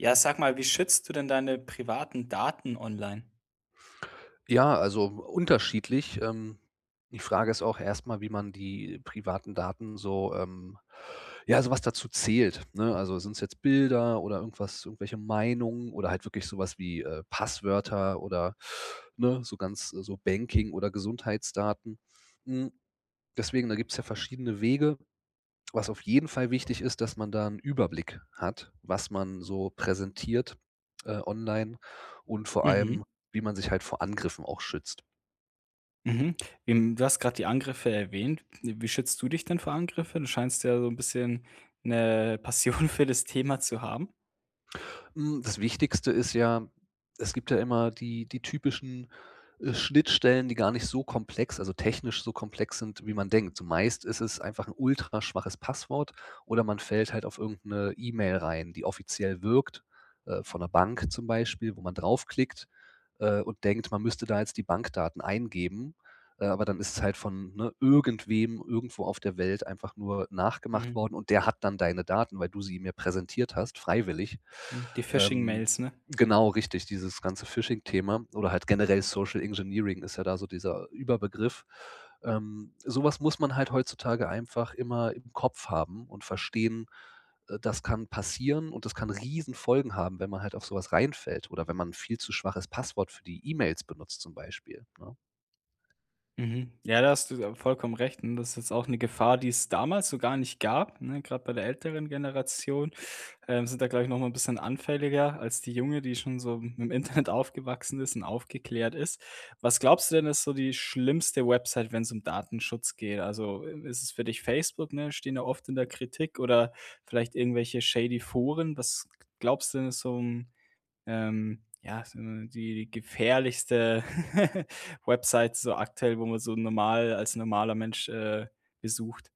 Ja, sag mal, wie schützt du denn deine privaten Daten online? Ja, also unterschiedlich. Ähm, die Frage ist auch erstmal, wie man die privaten Daten so, ähm ja, so was dazu zählt, ne? Also, sind es jetzt Bilder oder irgendwas irgendwelche Meinungen oder halt wirklich sowas wie, äh, Passwörter oder, ne, so ganz so Banking oder Gesundheitsdaten. Hm, deswegen, da gibt's ja verschiedene Wege. Was auf jeden Fall wichtig ist, dass man da 'n Überblick hat, was man so präsentiert, äh, online. Und vor Mhm. allem, wie man sich halt vor Angriffen auch schützt. Mhm, im du hast grad die Angriffe erwähnt. Wie schützt du dich denn vor Angriffen? Du scheinst ja so 'n bisschen 'ne Passion für das Thema zu haben. Hm, das Wichtigste ist ja, es gibt ja immer die die typischen, äh, Schnittstellen, die gar nicht so komplex, also technisch so komplex sind, wie man denkt. Zumeist ist es einfach 'n ultraschwaches Passwort oder man fällt halt auf irgend 'ne E-Mail rein, die offiziell wirkt, äh, von der Bank zum Beispiel, wo man draufklickt, äh, und denkt, man müsste da jetzt die Bankdaten eingeben. Äh, aber dann ist es halt von, ne, irgendwem irgendwo auf der Welt einfach nur nachgemacht Mhm. worden. Und der hat dann deine Daten, weil du sie ihm ja präsentiert hast, freiwillig. Mhm, die Ähm, Phishing-Mails, ne? genau richtig, dieses ganze Phishing-Thema oder halt generell Social Engineering ist ja da so dieser Überbegriff. Ähm, sowas muss man halt heutzutage einfach immer im Kopf haben und verstehen, äh, das kann passieren und das kann Riesenfolgen haben, wenn man halt auf sowas reinfällt, oder wenn man 'n viel zu schwaches Passwort für die E-Mails benutzt, zum Beispiel, ne? Mhm. Ja, da hast du ja vollkommen recht, n das ist jetzt auch 'ne Gefahr, die es damals so gar nicht gab, ne, grad bei der älteren Generation, ähm, sind da glaube ich nochmal ein bisschen anfälliger als die junge, die schon so mit dem Internet aufgewachsen ist und aufgeklärt ist. Was glaubst du denn, ist so die schlimmste Website, wenn's um Datenschutz geht? Also, äh, ist es für dich Facebook, ne, stehen da oft in der Kritik, oder vielleicht irgendwelche shady Foren? Was glaubst du denn so, hm, ähm, ja, ist so die gefährlichste Websites so aktuell, wo man so normal als normaler Mensch, äh, besucht.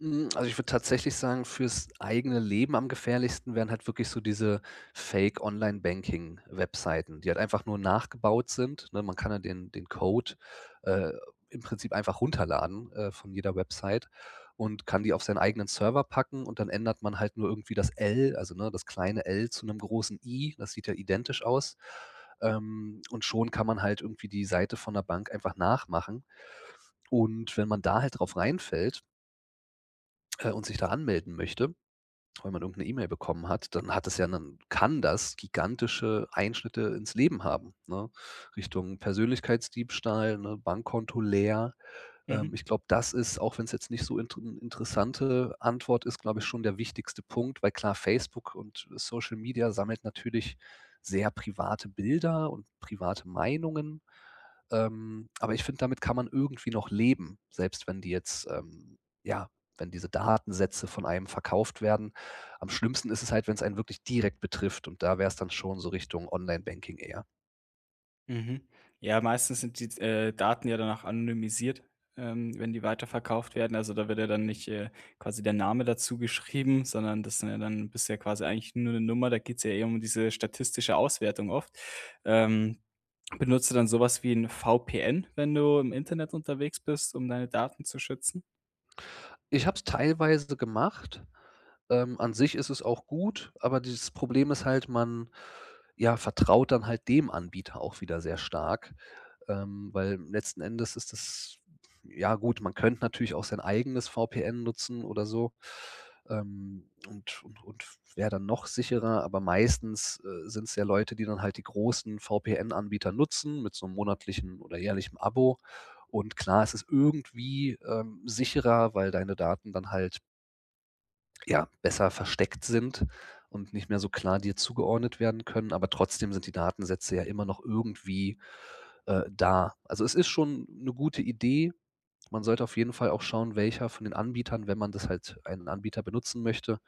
Hm, also ich würde tatsächlich sagen, für's eigene Leben am gefährlichsten wären halt wirklich so diese Fake Online-Banking-Webseiten, die halt einfach nur nachgebaut sind, ne? Man kann ja den den Code, äh, im Prinzip einfach runterladen, äh, von jeder Website und kann die auf seinen eigenen Server packen, und dann ändert man halt nur irgendwie das L, also ne, das kleine L zu 'nem großen I, das sieht ja identisch aus. Ähm, und schon kann man halt irgendwie die Seite von 'ner Bank einfach nachmachen. Und wenn man da halt drauf reinfällt äh und sich da anmelden möchte, weil man irgend 'ne E-Mail bekommen hat, dann hat das ja 'nen kann das gigantische Einschnitte ins Leben haben, ne? Richtung Persönlichkeitsdiebstahl, ne, Bankkonto leer. Mhm. Ähm, ich glaube, das ist, auch wenn es jetzt nicht so inter 'ne interessante Antwort ist, glaube ich schon der wichtigste Punkt, weil klar, Facebook und Social Media sammelt natürlich sehr private Bilder und private Meinungen. Ähm, aber ich finde, damit kann man irgendwie noch leben, selbst wenn die jetzt, ähm ja, wenn diese Datensätze von einem verkauft werden. Am schlimmsten ist es halt, wenn's einen wirklich direkt betrifft. Und da wär's dann schon so Richtung Online-Banking eher. Mhm. Ja, meistens sind die, äh, Daten ja dann auch anonymisiert, ähm, wenn die weiterverkauft werden. Also da wird ja dann nicht, äh, quasi der Name dazu geschrieben, sondern das sind ja dann du bist ja quasi eigentlich nur 'ne Nummer. Da geht's ja eh um diese statistische Auswertung oft. Ähm, benutzt du dann sowas wie 'n VPN, wenn du im Internet unterwegs bist, um deine Daten zu schützen? Ich habe es teilweise gemacht. Ähm, an sich ist es auch gut, aber dieses Problem ist halt, man, ja, vertraut dann halt dem Anbieter auch wieder sehr stark. Ähm, weil letzten Endes ist es ja, gut, man könnte natürlich auch sein eigenes VPN nutzen oder so. Ähm, und und und wäre dann noch sicherer, aber meistens, äh, sind's ja Leute, die dann halt die großen VPN-Anbieter nutzen, mit so 'nem monatlichem oder jährlichem Abo. Und klar, ist es irgendwie, ähm, sicherer, weil deine Daten dann halt ja, besser versteckt sind und nicht mehr so klar dir zugeordnet werden können. Aber trotzdem sind die Datensätze ja immer noch irgendwie, äh, da. Also, es ist schon 'ne gute Idee. Man sollte auf jeden Fall auch schauen, welcher von den Anbietern, wenn man das halt einen Anbieter benutzen möchte,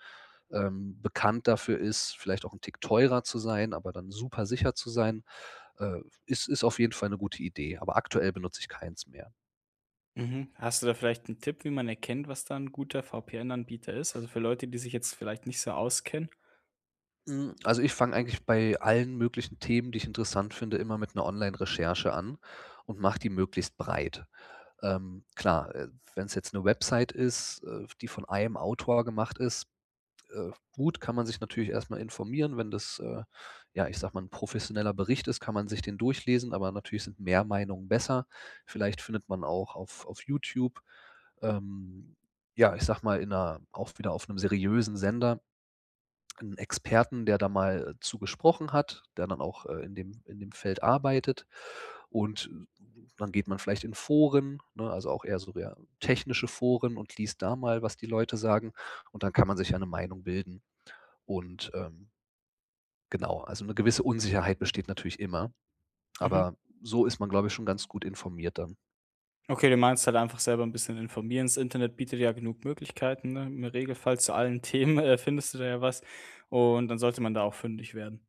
ähm, bekannt dafür ist, vielleicht auch 'n Tick teurer zu sein, aber dann super sicher zu sein. Äh, ist ist auf jeden Fall 'ne gute Idee, aber aktuell benutze ich keins mehr. Mhm. Hast du da vielleicht 'n Tipp, wie man erkennt, was da 'n guter VPN-Anbieter ist? Also für Leute, die sich jetzt vielleicht nicht so auskennen? Hm, also ich fange eigentlich bei allen möglichen Themen, die ich interessant finde, immer mit 'ner Online-Recherche an und mache die möglichst breit. Ähm, klar, äh, wenn's jetzt 'ne Website ist, äh, v die von einem Autor gemacht ist, äh, gut, kann man sich natürlich erstmal informieren. Wenn das, äh, ja, ich sage mal 'n professioneller Bericht ist, kann man sich den durchlesen, aber natürlich sind mehr Meinungen besser. Vielleicht findet man auch auf auf YouTube, ähm, ja, ich sage mal, in 'ner auch wieder auf 'nem seriösen Sender 'n Experten, der da mal zu gesprochen hat, der dann auch, äh, in dem in dem Feld arbeitet. Und, äh, dann geht man vielleicht in Foren, ne, also auch eher so der technische Foren und liest da mal, was die Leute sagen, und dann kann man sich ja 'ne Meinung bilden und, ähm Genau. Also 'ne gewisse Unsicherheit besteht natürlich immer, Mhm. aber so ist man, glaube ich, schon ganz gut informiert dann. Okay, du meinst halt einfach selber 'n bisschen informieren. Das Internet bietet ja genug Möglichkeiten, ne, im Regelfall zu allen Themen, äh, findest du da ja was, und dann sollte man da auch fündig werden.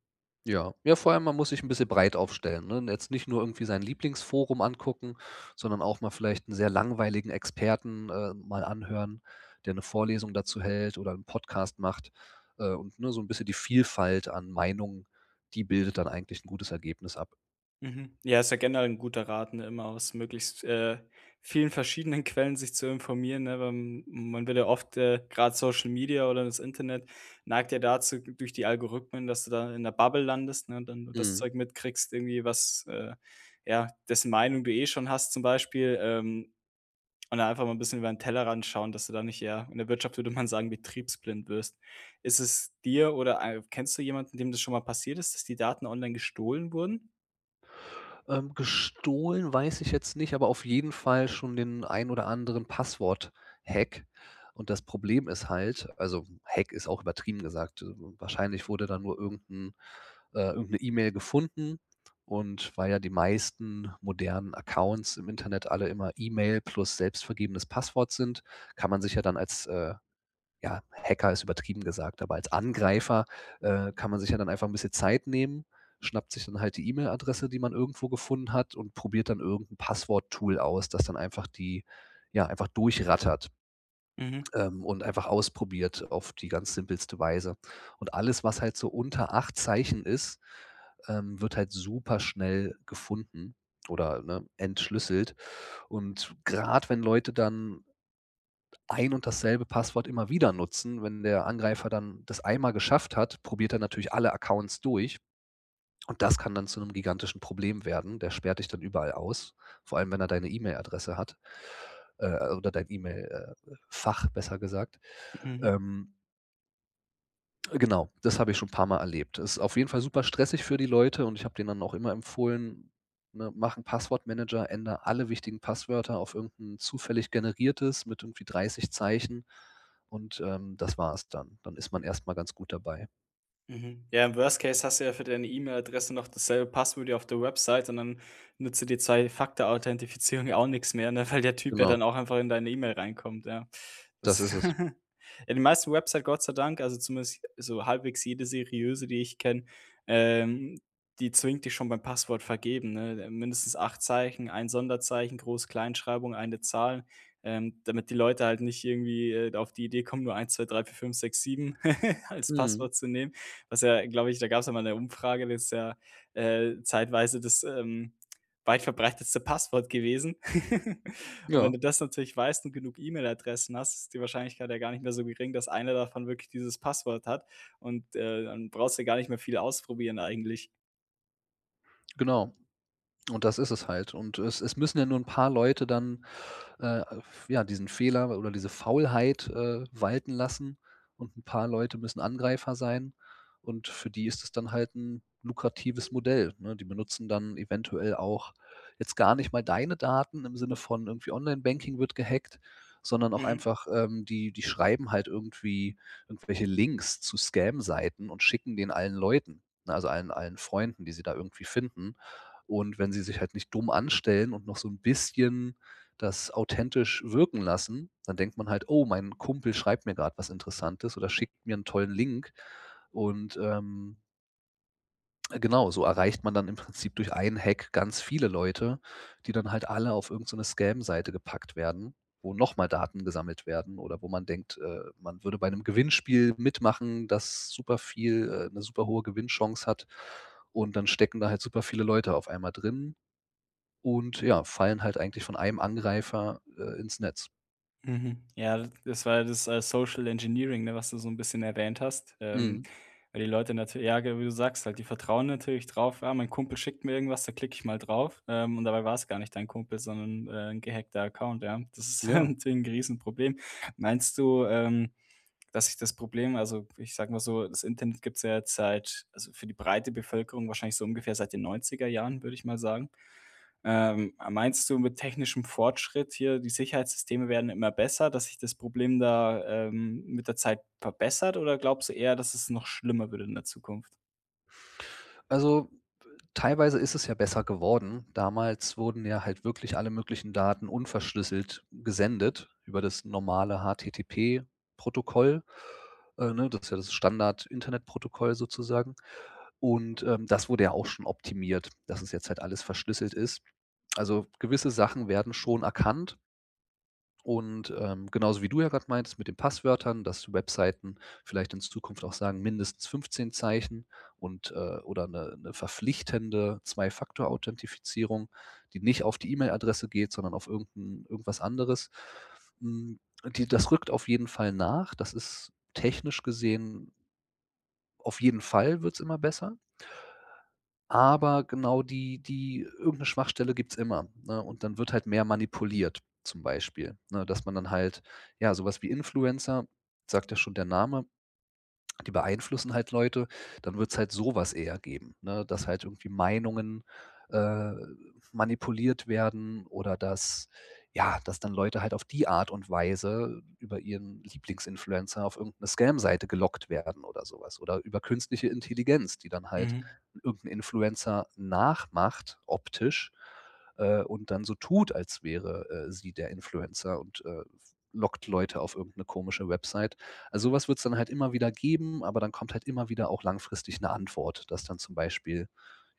Ja. Ja, vor allem, man muss sich 'n bisschen breit aufstellen, ne, jetzt nicht nur irgendwie sein Lieblingsforum angucken, sondern auch mal vielleicht 'n sehr langweiligen Experten äh, mal anhören, der 'ne Vorlesung dazu hält oder 'n Podcast macht, äh, und, ne, so 'n bisschen die Vielfalt an Meinungen die bildet dann eigentlich 'n gutes Ergebnis ab. Mhm. Ja, ist ja generell 'n guter Rat, ne, immer aus möglichst, äh, vielen verschiedenen Quellen sich zu informieren, ne, wa man wird ja oft äh, gerade Social Media oder das Internet, neigt ja dazu durch die Algorithmen, dass du da in 'ner Bubble landest, ne, und dann nur das Mhm. Zeug mitkriegst, irgendwie was äh, ja, dessen Meinung du eh schon hast zum Beispiel, ähm, und einfach mal 'n bisschen über den Tellerrand schauen, dass du da nicht ja, in der Wirtschaft würde man sagen betriebsblind wirst. Ist es dir oder ei kennst du jemanden, dem das schon mal passiert ist, dass die Daten online gestohlen wurden? Ähm, gestohlen, weiß ich jetzt nicht, aber auf jeden Fall schon den ein oder anderen Passwort-Hack. Und das Problem ist halt also, Hack ist auch übertrieben gesagt, äh, wahrscheinlich wurde dann nur irgend 'n äh, irgend 'ne E-Mail gefunden. Und weil ja die meisten modernen Accounts im Internet alle immer E-Mail plus selbst vergebenes Passwort sind, kann man sich ja dann als äh, ja, Hacker ist übertrieben gesagt, aber als Angreifer, äh, kann man sich ja dann einfach 'n bisschen Zeit nehmen, schnappt sich dann halt die E-Mail-Adresse, die man irgendwo gefunden hat und probiert dann irgend 'n Passwort-Tool aus, dass dann einfach die, ja einfach durchrattert Mhm. ähm, und einfach ausprobiert auf die ganz simpelste Weise. Und alles, was halt so unter 8 Zeichen ist, ähm, wird halt super schnell gefunden, oder, ne, entschlüsselt. Und gerade wenn Leute dann ein und dasselbe Passwort immer wieder nutzen. Wenn der Angreifer dann das einmal geschafft hat, probiert er natürlich alle Accounts durch. Und das kann dann zu 'nem gigantischen Problem werden. Der sperrt dich dann überall aus, vor allem, wenn er deine E-Mail-Adresse hat, äh, oder dein E-Mail, äh, Fach, besser gesagt. Mhm. Ähm Äh, genau. Das habe ich schon paar Mal erlebt. Das ist auf jeden Fall super stressig für die Leute. Und ich habe denen dann auch immer empfohlen: „Ne, mach 'n Passwortmanager, änder alle wichtigen Passwörter auf irgend 'n zufällig generiertes mit irgendwie 30 Zeichen und, ähm, das war's dann.“ Dann ist man erstmal ganz gut dabei. Mhm. Ja, im Worst-Case hast du ja für deine E-Mail-Adresse noch dasselbe Passwort wie auf der Website und dann nutzt dir die Zwei-Faktor-Authentifizierung ja auch nix mehr, ne, weil der Typ ja Genau. dann auch einfach in deine E-Mail reinkommt, ja. Das Das ist es. ja die meisten Website, Gott sei Dank also zumindest so halbwegs jede seriöse, die ich kenne, ähm, die zwingt dich schon beim Passwort vergeben, ne, äh, mindestens 8 Zeichen, ein Sonderzeichen, Groß Kleinschreibung, eine Zahl, ähm, damit die Leute halt nicht irgendwie, äh, da auf die Idee kommen, nur 1, 2, 3, 4, 5, 6, 7 als Mhm. Passwort zu nehmen. Was ja, glaube ich da gab's ja mal 'ne Umfrage letztes Jahr äh, zeitweise das, ähm, weit verbreitetste Passwort gewesen. Und wenn Ja. du das natürlich weißt und genug E-Mail-Adressen hast, ist die Wahrscheinlichkeit ja gar nicht mehr so gering, dass eine davon wirklich dieses Passwort hat und, äh, dann brauchst du gar nicht mehr viel ausprobieren eigentlich. Genau. Und das ist es halt und es es müssen ja nur 'n paar Leute dann, äh, f ja, diesen Fehler oder diese Faulheit, äh, walten lassen und 'n paar Leute müssen Angreifer sein und für die ist es dann halt 'n lukratives Modell, ne? Die benutzen dann eventuell auch jetzt gar nicht mal deine Daten, im Sinne von irgendwie Online-Banking wird gehackt. Sondern auch Mhm. einfach, ähm, die die schreiben halt irgendwie irgendwelche Links zu Scam Seiten und schicken den allen Leuten, ne? Also allen allen Freunden, die sie da irgendwie finden. Und wenn sie sich halt nicht dumm anstellen und noch so 'n bisschen das authentisch wirken lassen, dann denkt man halt: „Oh, mein Kumpel schreibt mir gerade was Interessantes oder schickt mir 'n tollen Link“ und, ähm genau, so erreicht man dann im Prinzip durch 1 Hack ganz viele Leute, die dann halt alle auf irgend so 'ne Scam Seite gepackt werden, wo noch mal Daten gesammelt werden oder wo man denkt, äh, man würde bei einem Gewinnspiel mitmachen, das superviel äh, 'ne superhohe Gewinnchance hat. Und dann stecken da halt superviele Leute auf einmal drin, und ja, fallen halt eigentlich von einem Angreifer, äh, ins Netz. Mhm, ja, das war ja das, äh, Social-Engineering, ne, was du so 'n bisschen erwähnt hast. Ähm, Mhm. weil die Leute natür ja ge wie du sagst, halt, die vertrauen natürlich drauf: „Ja, mein Kumpel schickt mir irgendwas, da klicke ich mal drauf.“ Ähm, und dabei war es gar nicht dein Kumpel, sondern, äh, 'n gehackter Account, ja. Das ist halt Ja. natürlich 'n g Riesenproblem. Meinst du, ähm, dass sich das Problem also, ich sage mal so, das Internet gibt's ja jetzt seit also für die breite Bevölkerung wahrscheinlich so ungefähr seit den 90er Jahren, würde ich mal sagen. Ähm, meinst du mit technischem Fortschritt hier, die Sicherheitssysteme werden immer besser, dass sich das Problem da, ähm, mit der Zeit verbessert? Oder glaubst du eher, dass es noch schlimmer wird in der Zukunft? Also, teilweise ist es ja besser geworden. Damals wurden ja halt wirklich alle möglichen Daten unverschlüsselt gesendet, über das normale HTTP-Protokoll. Äh, ne, das ist ja das Standard-Internetprotokoll sozusagen. Und, ähm, das wurde ja auch schon optimiert, dass es jetzt halt alles verschlüsselt ist. Also, gewisse Sachen werden schon erkannt. Und, ähm, genauso wie du ja gerade meintest mit den Passwörtern, dass die Webseiten vielleicht in Zukunft auch sagen, mindestens 15 Zeichen und, äh, oder 'ne 'ne verpflichtende 2-Faktor-Authentifizierung, die nicht auf die E-Mail-Adresse geht, sondern auf irgend 'n irgendwas anderes. Mhm, die das rückt auf jeden Fall nach. Das ist technisch gesehen auf jeden Fall wird es immer besser. Aber genau die die irgend 'ne Schwachstelle gibt's immer, ne? Und dann wird halt mehr manipuliert. Zum Beispiel, ne, dass man dann halt ja, sowas wie Influencer, sagt ja schon der Name, die beeinflussen halt Leute. Dann wird's halt sowas eher geben, ne, dass halt irgendwie Meinungen, äh, manipuliert werden oder dass ja, dass dann Leute halt auf die Art und Weise über ihren Lieblings Influencer auf irgend 'ne Scam Seite gelockt werden oder sowas oder über künstliche Intelligenz, die dann halt Mhm. irgend 'nen Influencer nachmacht optisch, äh, und dann so tut, als wäre, äh, sie der Influencer und, äh, f lockt Leute auf irgend 'ne komische Website. Also, so was wird es dann halt immer wieder geben. Aber dann kommt halt immer wieder auch langfristig 'ne Antwort, dass dann zum Beispiel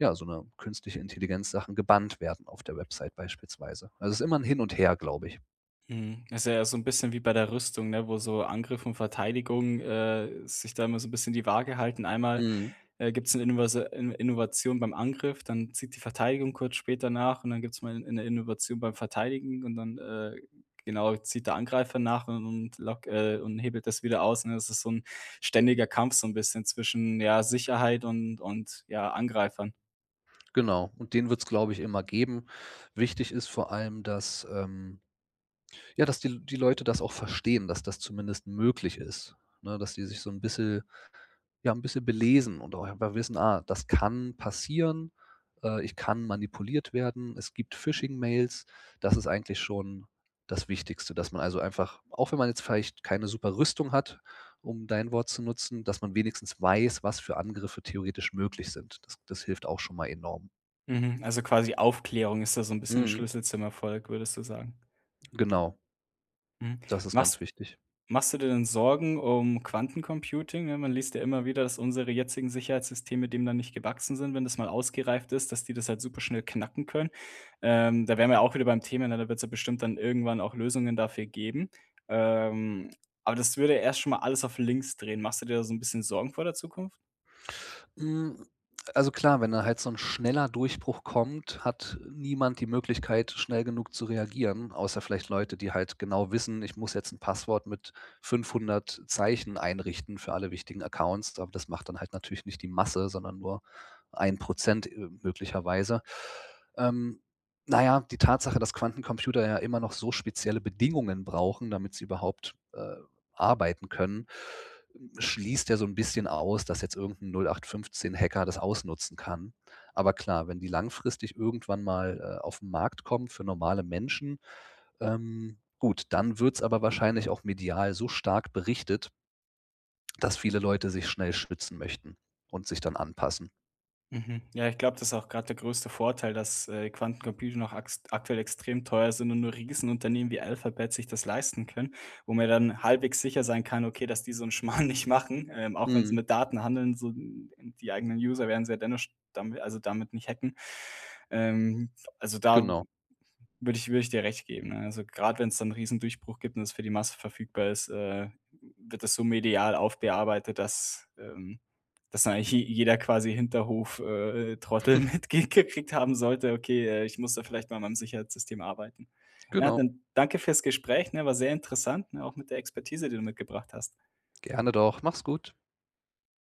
ja, so 'ne Künstliche-Intelligenz-Sachen gebannt werden auf der Website beispielsweise. Also, es ist immer 'n Hin und Her, glaube ich. Mhm. Das ist ja so 'n bisschen wie bei der Rüstung, ne, wo so Angriff und Verteidigung, äh, sich da immer so 'n bisschen die Waage halten. Einmal, Mhm. äh, gibt's 'ne Inovase In Innovation beim Angriff, dann zieht die Verteidigung kurz später nach und dann gibt's mal 'ne Innovation beim Verteidigen und dann, äh, genau, zieht der Angreifer nach und und lock äh, und hebelt das wieder aus, ne? Das ist so 'n ständiger Kampf, so 'n bisschen zwischen, ja, Sicherheit und und ja, Angreifern. Genau, und den wird's glaube ich, immer geben. Wichtig ist vor allem, dass, ähm, ja, dass die die Leute das auch verstehen, dass das zumindest möglich ist, ne, dass die sich so 'n bisschen ja 'n bisschen belesen und auch einfach wissen, ah, das kann passieren, äh, ich kann manipuliert werden. Es gibt Phishing-mails. Das ist eigentlich schon das Wichtigste, dass man also einfach auch wenn man jetzt vielleicht keine super Rüstung hat, um dein Wort zu nutzen, dass man wenigstens weiß, was für Angriffe theoretisch möglich sind. Das das hilft auch schon mal enorm. Mhm, also quasi Aufklärung ist da so 'n bisschen Mhm. Schlüssel zum Erfolg, würdest du sagen? Genau. Mhm. Das ist Machst ganz wichtig. machst du dir denn Sorgen um Quantencomputing, ne, man liest ja immer wieder, dass unsere jetzigen Sicherheitssysteme dem dann nicht gewachsen sind, wenn das mal ausgereift ist, dass die das halt super schnell knacken können. Ähm, da wären wir ja auch wieder beim Thema, ne, da wird's ja bestimmt dann irgendwann auch Lösungen dafür geben. Ähm, aber das würde erst schon mal alles auf links drehen. Machst du dir da so 'n bisschen Sorgen vor der Zukunft? Hm, also klar, wenn da halt so 'n schneller Durchbruch kommt, hat niemand die Möglichkeit, schnell genug zu reagieren, außer vielleicht Leute, die halt genau wissen: „Ich muss jetzt 'n Passwort mit 500 Zeichen einrichten für alle wichtigen Accounts,“ aber das macht dann halt natürlich nicht die Masse, sondern nur 1 %, äh, möglicherweise. Ähm, naja, die Tatsache, dass Quantencomputer ja immer noch so spezielle Bedingungen brauchen, damit sie überhaupt, äh, arbeiten können, hm, schließt ja so 'n bisschen aus, dass jetzt irgend 'n 0815 Hacker das ausnutzen kann. Aber klar, wenn die langfristig irgendwann mal, äh, auf 'n Markt kommen für normale Menschen, ähm, gut, dann wird's aber wahrscheinlich auch medial so stark berichtet dass viele Leute sich schnell schützen möchten und sich dann anpassen. Mhm. Ja, ich glaube, das ist auch gerade der größte Vorteil, dass, äh, Quantumcomputer noch akst aktuell extrem teuer sind und nur Riesenunternehmen wie Alphabet sich das leisten können, wo man ja dann halbwegs sicher sein kann, okay, dass die so 'n Schmarrn nicht machen. Ähm, auch wenn sie Mhm. mit Daten handeln, so die eigenen User werden sie ja dennoch sch damit also damit nicht hacken. Ähm, also da Genau. würde ich würde ich dir recht geben, ne, also grad wenn's da 'n Riesendurchbruch gibt und das für die Masse verfügbar ist, äh, wird das so medial aufgearbeitet, dass, ähm dass da eigentlich je jeder quasi Hinterhof, äh, Trottel mitge gekriegt haben sollte: „Okay, äh, ich muss da vielleicht mal an meinem Sicherheitssystem arbeiten.“ Ja, Genau. dann danke für's Gespräch, ne, war sehr interessant, ne, auch mit der Expertise, die du mitgebracht hast. Gerne doch, mach's gut.